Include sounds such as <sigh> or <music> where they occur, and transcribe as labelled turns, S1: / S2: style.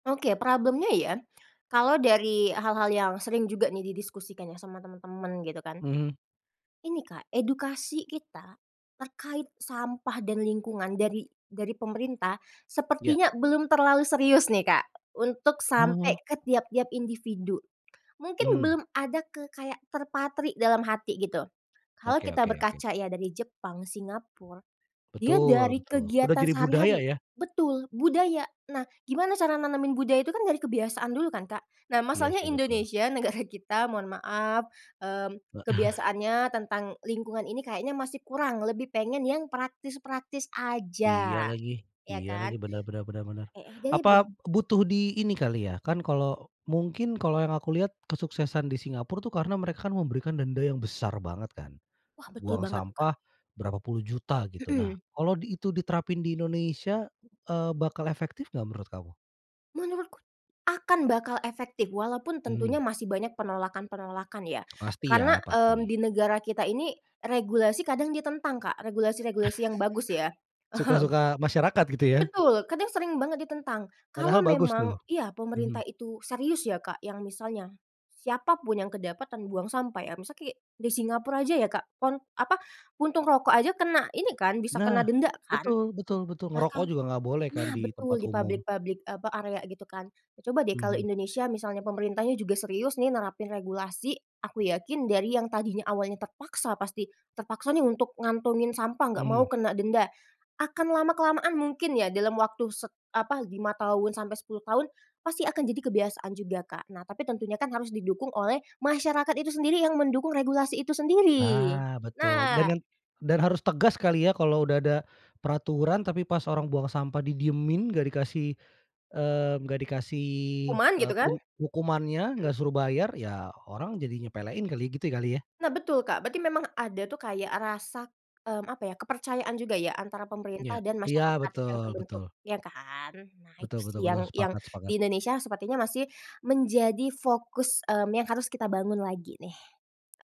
S1: Oke problem-nya ya, kalau dari hal-hal yang sering juga nih didiskusikan ya, sama temen-temen gitu kan.
S2: Mhm.
S1: Ini Kak, edukasi kita terkait sampah dan lingkungan dari dari pemerintah
S2: Ya.
S1: sepertinya belum terlalu serius nih Kak, untuk sampai
S2: Oh.
S1: ke tiap-tiap individu, mungkin
S2: Mhm.
S1: belum ada kayak terpatri dalam hati gitu, kalau
S2: Oke
S1: kita
S2: oke oke.
S1: berkaca ya dari Jepang, Singapura, dia
S2: Betul,
S1: dari
S2: betul, udah
S1: kegiatan
S2: jadi budaya
S1: sehari-hari
S2: ya.
S1: betul, budaya nah, gimana cara nanemin budaya itu kan dari kebiasaan dulu kan Kak. Nah,
S2: Iya,
S1: masalahnya
S2: sih betul.
S1: Indonesia, negara kita, mohon maaf, mmm,
S2: Heeh.
S1: kebiasaannya tentang lingkungan ini kayaknya masih kurang, lebih pengen yang praktis-praktis
S2: Iya
S1: aja,
S2: lagi
S1: ya
S2: iya lagi.
S1: kan
S2: Benar benar benar benar.
S1: heeh dari
S2: Apa
S1: be
S2: butuh di ini kali ya, kan, kalau mungkin kalau yang aku lihat kesuksesan di Singapura tuh karena mereka memberikan denda yang besar banget kan.
S1: Wah, betul
S2: Buang
S1: banget tuh Kak.
S2: sampah, berapa puluh juta gitu, nah,
S1: Mhm.
S2: kalau itu diterapin di Indonesia eee, bakal efektif enggak, menurut kamu?
S1: Menurutku, akan bakal efektif, walaupun tentunya
S2: Mhm.
S1: masih banyak penolakan-penolakan ya,
S2: Pasti
S1: karena,
S2: ya,
S1: mmm,
S2: pasti.
S1: di negara kita ini, regulasi kadang ditentang Kak, regulasi-regulasi yang bagus ya,
S2: <chuckles>
S1: mhm.
S2: Suka-suka masyarakat gitu ya.
S1: Betul, kadang sering banget ditentang. Kalau
S2: Padahal bagus tuh,
S1: memang ya pemerintah
S2: mhm.
S1: itu serius ya Kak, yang misalnya siapa pun yang kedapatan buang sampah ya. Misalnya, kayak di Singapura aja ya Kak pon apa untung rokok aja kena ini kan bisa
S2: Nah,
S1: kena denda kan.
S2: betul betul betul,
S1: Nah
S2: ngerokok
S1: kan
S2: juga enggak boleh kan
S1: nah,
S2: di
S1: betul
S2: tempat
S1: di
S2: umum.
S1: pabrik-pabrik apa, area gitu kan. Coba deh kalau
S2: Mhm.
S1: Indonesia misalnya pemerintahnya juga serius nih, nerapin regulasi, aku yakin dari yang tadinya awalnya terpaksa pasti terpaksa nih untuk ngantongin sampah, enggak mau
S2: Mhm.
S1: kena denda akan lama-kelamaan mungkin ya dalam waktu set apa, 5 tahun sampai 10 tahun pasti akan jadi kebiasaan juga Kak. Nah, tapi tentunya kan harus didukung oleh masyarakat itu sendiri yang mendukung regulasi itu sendiri,
S2: Ah betul, dan
S1: nah
S2: yang dan harus tegas kali ya, kalau udah ada peraturan, tapi pas orang buang sampah didiemin enggak dikasih, eee, enggak dikasih,
S1: Hukuman
S2: eee,
S1: gitu kan,
S2: tun
S1: mhm.
S2: hukumannya, enggak suruh bayar, ya orang jadi nyepelain kali, gitu kali ya.
S1: Nah, betul Kak, berarti memang ada tuh kayak rasa, mmm, apa ya, kepercayaan juga ya, antara
S2: Iya
S1: pemerintah dan
S2: iya.
S1: masyarakat yang
S2: Betul
S1: terbentuk
S2: betul
S1: ya kan. Nah, itu
S2: Betul
S1: sih
S2: betul
S1: yang
S2: betul,
S1: yang
S2: sepakat
S1: di
S2: sepakat.
S1: Indonesia sepertinya masih menjadi fokus, mmm, yang harus kita bangun lagi nih.